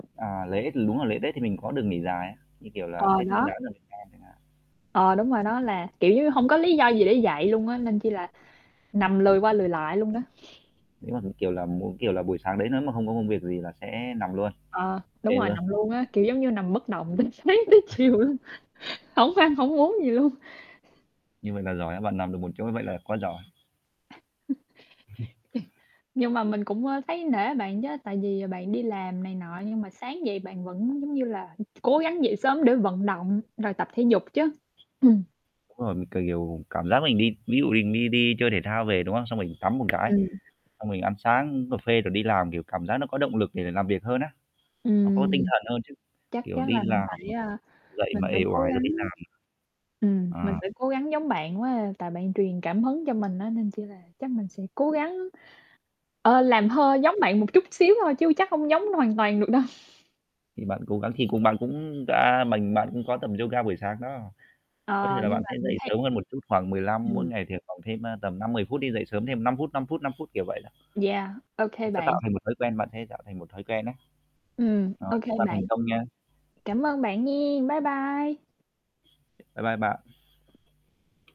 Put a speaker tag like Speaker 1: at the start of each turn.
Speaker 1: À, lễ thì đúng là lễ Tết thì mình có được nghỉ dài á, như kiểu là
Speaker 2: Ờ,
Speaker 1: Tết Nguyên
Speaker 2: đó.
Speaker 1: Đán ở Việt Nam chẳng hạn.
Speaker 2: Ờ, đúng rồi. Nó là, kiểu, giống như hông có lý do gì để dậy luôn á, nên chỉ là nằm lười qua lười lại luôn đó.
Speaker 1: Nếu mà, kiểu là, m kiểu là, buổi sáng đấy nếu mà hông có công việc gì là sẽ nằm luôn.
Speaker 2: Ờ, đúng
Speaker 1: Phê
Speaker 2: rồi.
Speaker 1: luôn.
Speaker 2: Nằm luôn á, kiểu, giống như nằm bất động từ sáng tới
Speaker 1: [unintelligible]
Speaker 2: chiều luôn, hổng ăn hổng uống gì luôn.
Speaker 1: Như vậy là giỏi á, bạn nằm được một chỗ vậy là quá giỏi.
Speaker 2: Nhưng mà mình cũng, ơ, thấy nể bạn chớ, tại vì bạn đi làm này nọ nhưng mà sáng dậy bạn vẫn, giống như là [unintelligible] cố gắng dậy sớm để vận động rồi tập thể dục chứ. Ừm.
Speaker 1: Đúng rồi. Mình k kiểu cảm giác mình đi ví dụ mình đi đi chơi thể thao về, đúng không? Xong rồi mình tắm một cái,
Speaker 2: Ừm.
Speaker 1: xong mình ăn sáng uống cà phê rồi đi làm, kiểu, cảm giác nó có động lực để l làm việc hơn á, nó có tinh
Speaker 2: Ừm.
Speaker 1: thần hơn chứ,
Speaker 2: Chắc
Speaker 1: kiểu,
Speaker 2: chắc
Speaker 1: đi
Speaker 2: là mình
Speaker 1: làm
Speaker 2: phải,
Speaker 1: mà
Speaker 2: a,
Speaker 1: dậy mà
Speaker 2: mình phải
Speaker 1: uể
Speaker 2: cố
Speaker 1: oải rồi đi
Speaker 2: gắng.
Speaker 1: làm
Speaker 2: Ừm, mình
Speaker 1: Ờ.
Speaker 2: phải cố gắng giống bạn quá à, tại bạn truyền cảm hứng cho mình á, nên chỉ là chắc mình sẽ cố gắng, ờ, làm hơi giống bạn một chút xíu thôi chứ, chắc hông giống hoàn toàn được đâu.
Speaker 1: Thì bạn cố gắng thì cùng bạn cũng đã mình bạn cũng có tập yoga buổi sáng đó. Có thể
Speaker 2: Ờ,
Speaker 1: là
Speaker 2: nhưng
Speaker 1: bạn
Speaker 2: mà
Speaker 1: sẽ
Speaker 2: mình
Speaker 1: dậy
Speaker 2: thấy
Speaker 1: sớm hơn một chút khoảng 15, mỗi
Speaker 2: Ừm.
Speaker 1: ngày thì khoảng thêm, ơ, tầm 5,10 phút đi, dậy sớm thêm 5 phút, 5 phút, 5 phút, kiểu vậy đó.
Speaker 2: Yeah,
Speaker 1: Nó
Speaker 2: OK
Speaker 1: sẽ
Speaker 2: bạn.
Speaker 1: tạo thành một thói quen. Bạn sẽ tạo thành một thói quen á.
Speaker 2: Ừm,
Speaker 1: Rồi,
Speaker 2: OK
Speaker 1: chúc bạn thành
Speaker 2: bạn.
Speaker 1: công nha.
Speaker 2: Cảm ơn bạn nha. Bye bye.
Speaker 1: Bye bye bạn.